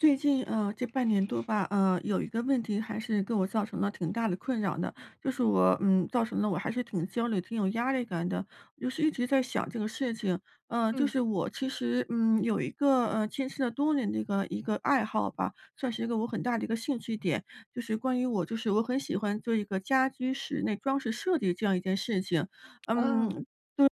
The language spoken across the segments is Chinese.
最近，呃这半年多吧，呃，有一个问题还是给我造成了挺大的困扰的。就是我嗯，造成了我还是挺焦虑、挺有压力感的。就是一直在想这个事情，嗯，就嗯。是我其实，嗯，有一个，呃，坚持了多年的一个一个爱好吧，算是一个我很大的一个兴趣点。就是关于我就是我很喜欢做一个家居室内装饰设计这样一件事情。嗯，哦。就是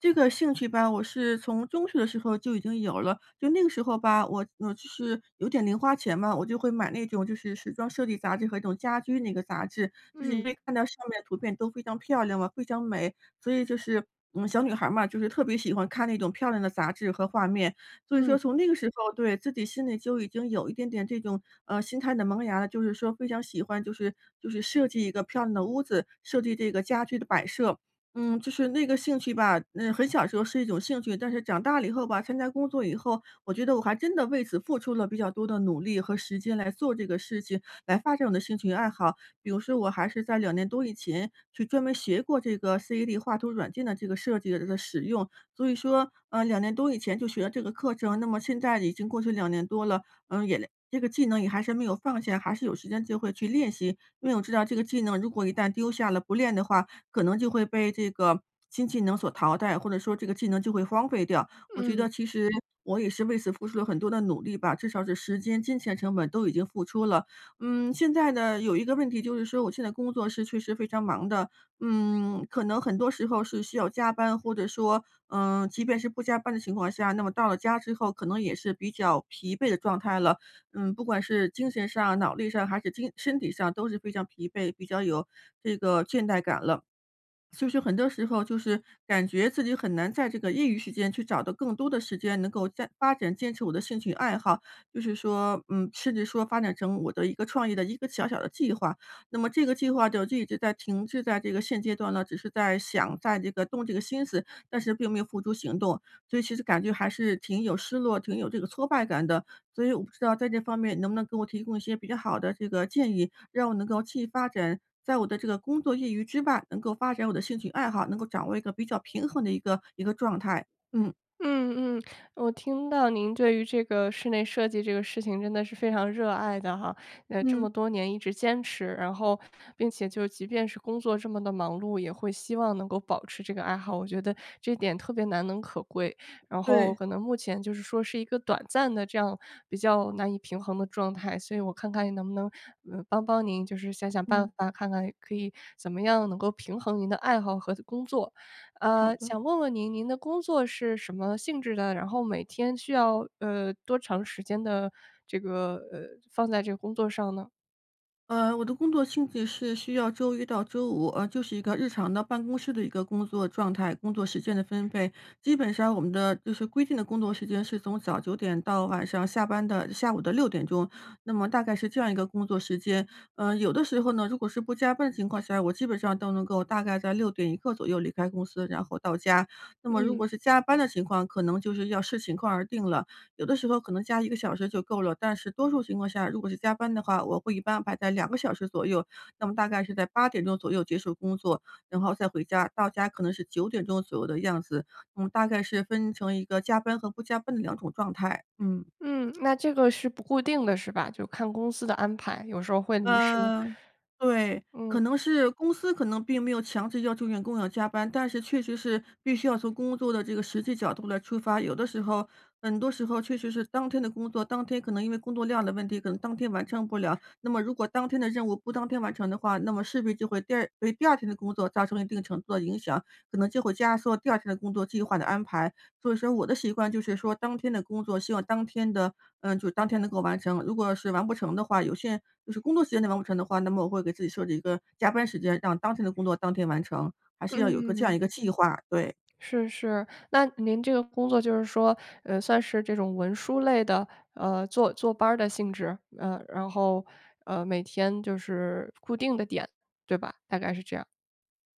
这个兴趣吧，我是从中学的时候就已经有了。就那个时候吧，我我就是有点零花钱嘛，我就会买那种就是时装设计杂志和那种家居那个杂志，就是嗯。因为看到上面的图片都非常漂亮嘛，非常美。所以就是我们小女孩儿嘛，就是特别喜欢看那种漂亮的杂志和画面。所以说嗯。从那个时候对，自己心里就已经有一点点这种，呃，心态的萌芽了，就是说非常喜欢就是就是设计一个漂亮的屋子，设计这个家具的摆设。嗯，就是这个兴趣吧嗯，很小时候是一种兴趣，但是长大了以后吧，参加工作以后，我觉得我还真的为此付出了比较多的努力和时间来做这个事情，来发展我的兴趣爱好。比如说我还是在2年多以前，去专门学过这个 CAD 画图软件的这个设计的使用。所以说，呃，2年多以前就学了这个课程，那么现在已经过去2年多了，嗯，也连这个技能也还是没有放下，还是有时间就会去练习。因为我知道这个技能如果一旦丢下了、不练的话，可能就会被这个新技能所淘汰，或者说这个技能就会荒废掉。我觉嗯。得其实我也是为此付出了很多的努力吧，至少是时间、金钱成本都已经付出了。嗯，现在呢，有一个问题就是说我现在工作是确实非常忙的。嗯，可能很多时候是需要加班或者说嗯，即便是不加班的情况下，那么到了家之后，可能也是比较疲惫的状态了。嗯，不管是精神上、脑力上还是精身体上都是非常疲惫，比较有这个倦怠感了。所以是很多时候就是感觉自己很难在这个业余时间去找到更多的时间能够再发展，坚持我的兴趣爱好。就是说嗯，甚至说发展成我的一个创业的一个小小的计划。那么这个计划就一直在停滞在这个现阶段呢，只是在想在这个动这个心思，但是并没有付诸行动。所以其实感觉还是挺有失落挺有这个挫败感的，所以我不知道在这方面能不能给我提供一些比较好的这个建议，让我能够继发展，在我的这个工作业余之外，能够发展我的兴趣爱好，能够掌握一个比较平衡的一个一个状态，嗯。嗯嗯，我听到您对于这个室内设计这个事情真的是非常热爱的哈，呃，这么嗯。多年一直坚持，然后并且就即便是工作这么地忙碌，也会希望能够保持这个爱好，我觉得这点特别难能可贵。然后对。可能目前就是说是一个短暂的这样比较难以平衡的状态，所以我看看能不能，呃，帮帮您就是想想办嗯。法，看看可以怎么样能够平衡您的爱好和的工作。好呃，的。想问问您，您的工作是什么性质的？然后每天需要，呃，多长时间的这个呃，放在这工作上呢？呃，我的工作性质是需要周一到周五，呃，就是一个日常的办公室的一个工作状态、工作时间的分配。基本上我们的就是规定的工作时间是从早9点到晚上下班的下午的6点钟，那么大概是这样一个工作时间。呃，有的时候呢，如果是不加班的情况下，我基本上都能够大概在6点一刻左右离开公司，然后到家。那么如嗯。果是加班的情况，可能就是要视情况而定了。有的时候可能加1个小时就够了，但是多数情况下，如果是加班的话，我会一般安排在2个小时左右。那么大概是在8点钟左右结束工作，然后再回家，到家可能是9点钟左右的样子。我们大概是分成一个加班和不加班的两种状态，嗯。嗯，那这个是不固定的是吧？就看公司的安排，有时候会临时呃，对，嗯。可能是公司可能并没有强制要求员工要加班，但是确实是必须要从工作的这个实际角度来出发，有的时候很多时候确实是当天的工作当天可能因为工作量的问题，可能当天完成不了。那么如果当天的任务不当天完成的话，那么势必就会第2给第2天的工作造成了一定程度的影响，可能就会压缩第2天的工作计划的安排。所以说我的习惯就是说当天的工作希望当天的嗯，就当天能够完成。如果是完不成的话，有些就是工作时间内完不成的话，那么我会给自己设置一个加班时间，让当天的工作当天完成。还是要有个这样嗯。一个计划，对。是是，那您这个工作就是说，呃，算是这种文书类的，呃，坐坐班儿的性质？呃，然后，呃，每天就是固定的点，对吧？大概是这样。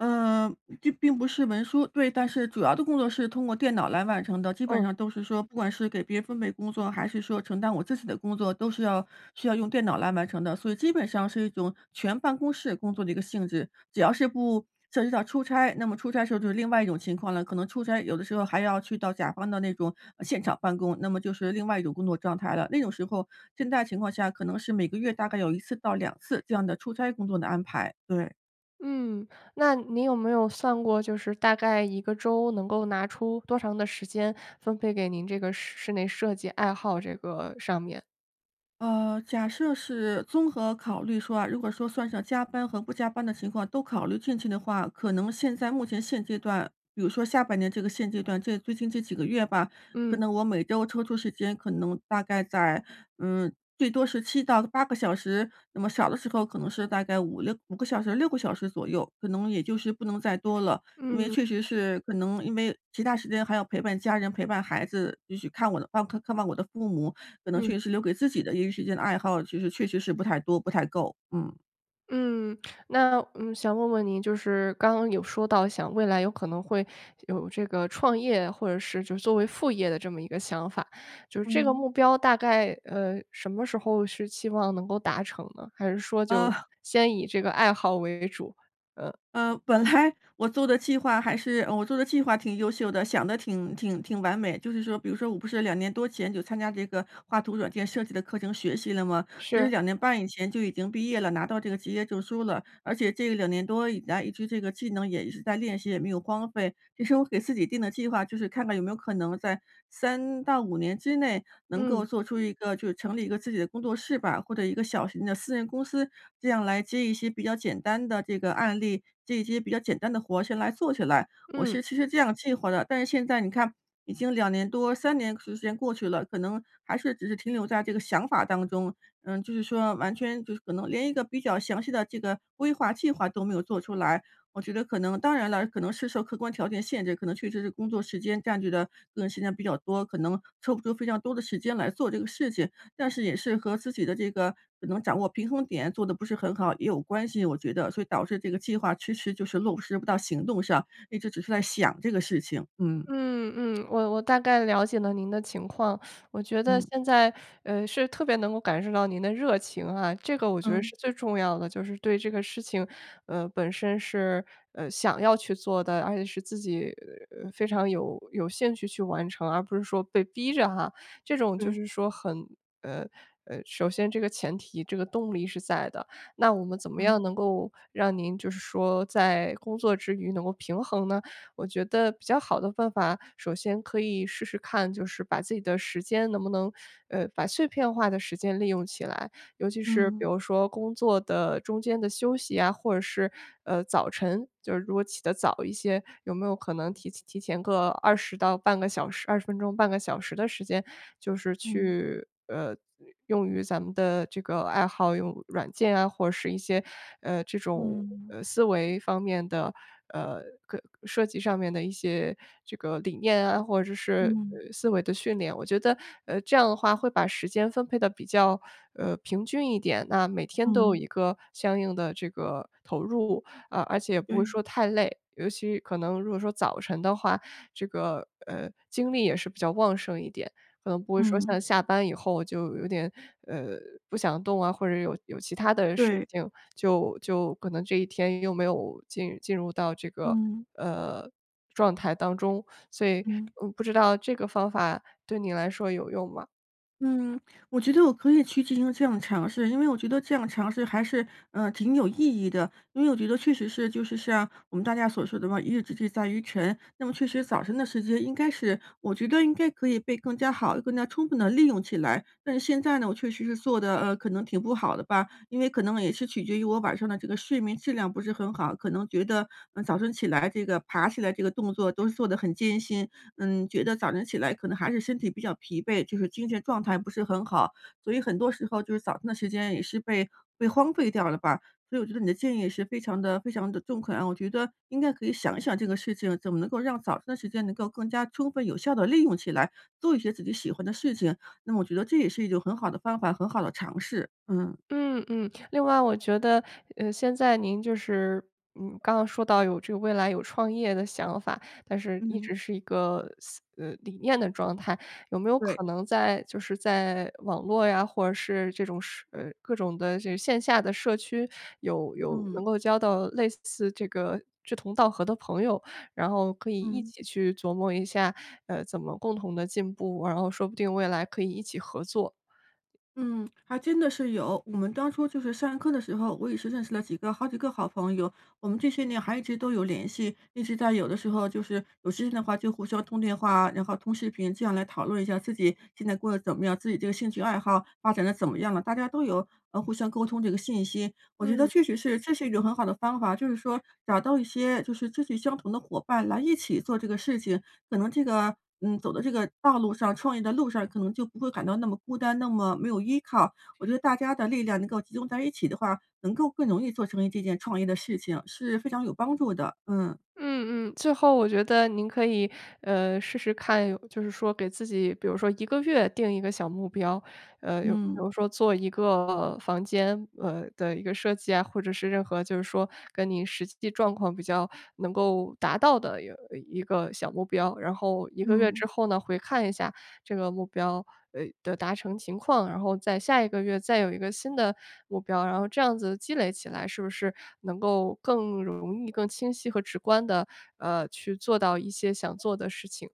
嗯，并并不是文书。对，但是主要的工作是通过电脑来完成的。基本嗯。上都是说不管是给别人分配工作，还是说承担我自己的工作，都是要需要用电脑来完成的，所以基本上是一种全办公室工作的一个性质。只要是不涉及到出差，那么出差的时候就是另外一种情况了，可能出差有的时候还要去到甲方的那种，呃，现场办公，那么就是另外一种工作状态了。那种时候现在情况下可能是每个月大概有1次到2次这样的出差工作的安排，对。嗯，那您有没有算过就是大概一个周能够拿出多长的时间，分配给您这个室室内设计，爱好这个上面。呃，假设是综合考虑说啊，如果说算上加班和不加班的情况，都考虑进去的话，可能现在目前现阶段比如说下半年这个现阶段这最近这几个月吧，可嗯。能我每周抽出时间可能大概在嗯，最多是7到8个小时。那么少的时候可能是大概5-65个小时、6个小时左右，可能也就是不能再多了。因为嗯。确实是可能因为其它时间还要陪伴家人，陪伴孩子，就去看我的看看望我的父母，可能嗯。确实是留给自己的业余时间的爱好，其实确实是不太多，不太够，嗯。嗯，那嗯，想问问您就是刚刚有说到想未来有可能会有这个创业或者是就是作为副业的这么一个想法。就是这个嗯。目标大概，呃，什么时候是希望能够达成呢？还是说就呃。先以这个爱好为主？呃。呃，本来我做的计划还是呃，我做的计划挺优秀的，想得挺挺挺完美。就是说比如说我不是2年多前就参加这个画图软件设计的课程学习了吗？其实是。2年半以前就已经毕业了，拿到这个职业证书了。而且这2年多以来一直这个技能也一直在练习，也没有荒废。其实我给自己定的计划，就是看看有没有可能在3到5年之内能够嗯。做出一个就是成立一个自己的工作室吧，或者一个小型的私人公司，这样来接一些比较简单的这个案例，接一些比较简单的活儿先来做起来，我嗯。是其实这样计划的。但是现在你看已经2年多，3年时间过去了，可能还是只是停留在这个想法当中。嗯，就是说完全就是可能连一个比较详细的这个规划、计划都没有做出来。我觉得可能当然了，可能是受客观条件限制，可能确实是工作时间占据的个人时间比较多，可能抽不出非常多的时间来做这个事情。但是也是和自己的这个可能掌握平衡点做得不是很好也有关系，我觉得，所以导致这个计划迟迟就是落不实不到行动上，一直只是在想这个事情，嗯。嗯，嗯，我我大概了解了您的情况。我觉得嗯。现在，呃，是特别能够感受到您的热情哈，这个我觉得嗯。是最重要的。就是对这个事情，呃，本身是，呃，想要去做的，而且是自己非常有有兴趣去完成，而不是说被逼着哈。这种就对。是说很呃，呃，首先这个前提、这个动力是在的。那我们怎么样嗯。能够让您就是说在工作之余能够平衡呢？我觉得比较好的办法，首先可以试试看，就是把自己的时间能不能呃，把碎片化的时间利用起来。尤其是比嗯。如说工作的中间的休息呀，或者是，呃，早晨。就是如果起得早一些，有没有可能提前提前个20到半个小时20分钟，半个小时的时间就是嗯。去，呃，用于咱们的这个爱好，用软件啊，或是一些，呃，这种，嗯。呃，思维方面的，呃，可设计上面的一些这个理念啊或者是，嗯。呃，思维的训练。我觉得，呃，这样的话会把时间分配得比较，呃，平均一点。那每天都有嗯。一个相应的这个投入。啊，而且也不会对。说太累，尤其可能如果说早晨的话，这个，呃，精力也是比较旺盛一点，可能不会说嗯。像下班以后就有点，呃，不想动啊，或者有有其它的事对。情，就就可能这一天又没有进进入到这个，嗯。呃，状态当中，所以，嗯。嗯，不知道这个方法对你来说有用吗？嗯，我觉得我可以去进行这样的尝试，因为我觉得这样尝试还是，呃，挺有意义的。因为我觉得确实是，就是像我们大家所说的嘛，一日之计在于晨，那么确实早晨的时间应该是，我觉得应该可以被更加好，更加充分地利用起来。但是现在呢，我确实是做得，呃，可能挺不好的吧，因为可能也是取决于我晚上的这个睡眠质量不是很好，可能觉得，呃，早晨起来这个爬起来这个动作都是做得很艰辛。嗯，觉得早晨起来可能还是身体比较疲惫，就是精神状态不是很好，所以很多时候就是早晨的时间也是被被荒废掉了吧。所以我觉得你的建议是非常地非常地中肯啊，我觉得应该可以想一想这个事情怎么能够让早晨的时间能够更加充分有效地利用起来，做一些自己喜欢的事情。那我觉得这也是一种很好的方法，很好的尝试，嗯。嗯嗯。另外我觉得，呃，现在您就是，嗯，刚刚说到有这个未来有创业的想法，但是一嗯。直是一个思呃，理念的状态。有没有对。可能在就是在网络呀，或者是这种社呃，各种的这个线下的社区有有嗯。能够交到类似这个志同道合的朋友，然后可以一嗯。起去琢磨一下，呃，怎么共同地进步，然后说不定未来可以一起合作。嗯，还真的是有。我们当初就是上课的时候，我也是认识了几个好几个好朋友。我们这些年还一直都有联系，一直在有的时候就是有时间的话就互相通电话，然后通视频这样来讨论一下自己现在过得怎么样，自己这个兴趣爱好发展得怎么样了，大家都有，呃，互相沟通这个信息。我觉得嗯。确实是这是一种很好的方法，就是说找到一些就是志趣相同的伙伴来一起做这个事情。可能这个，嗯，走的这个道路上，创业的路上，可能就不会感到那么孤单，那么没有依靠。我觉得大家的力量能够集中在一起的话，能够更容易做成一这件创业的事情，是非常有帮助的，嗯。嗯嗯。最后我觉得您可以，呃，试试看有就是说给自己比如说1个月定一个小目标。呃，有比嗯。如说做一个房间，呃，的一个设计啊，或者是任何就是说跟你实际状况比较能够达到的，呃，一个小目标。然后1个月嗯。之后呢，回看一下这个目标，呃，的达成情况，然后在下一个月再有一个新的，目标。然后这样子积累起来是不是能够更容易更清晰和直观地，呃，去做到一些想做的事情。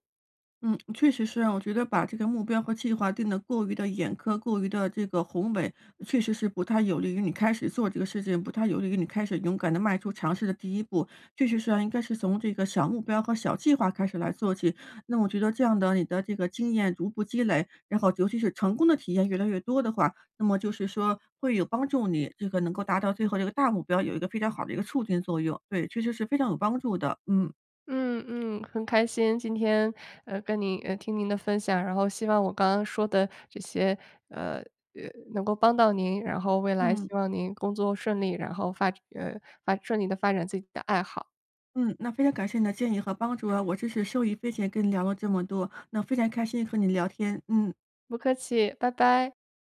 嗯，确实是啊。我觉得把这个目标和计划定得过于地严苛，过于地这个宏伟确实是不太有利于你开始做这个事情，不太有利于你开始勇敢地迈出尝试的第一步。确实是啊应该是从这个小目标和小计划开始来做起。那我觉得这样的你的这个经验逐步积累，然后尤其是成功的体验越来越多的话，那么就是说会有帮助你这个能够达到最后这个大目标，有一个非常好的一个促进作用。对，确实是非常有帮助的。嗯。嗯嗯。很开心今天，呃，跟你呃，听您的分享。然后希望我刚刚说的这些，呃呃，能够帮到您，然后未来嗯。希望您工作顺利，然后发呃，发顺利地发展自己的爱好。嗯，那非常感谢你的建议和帮助啊，我真是受益匪浅跟你聊了这么多。那非常开心和你聊天，嗯。不客气，拜拜。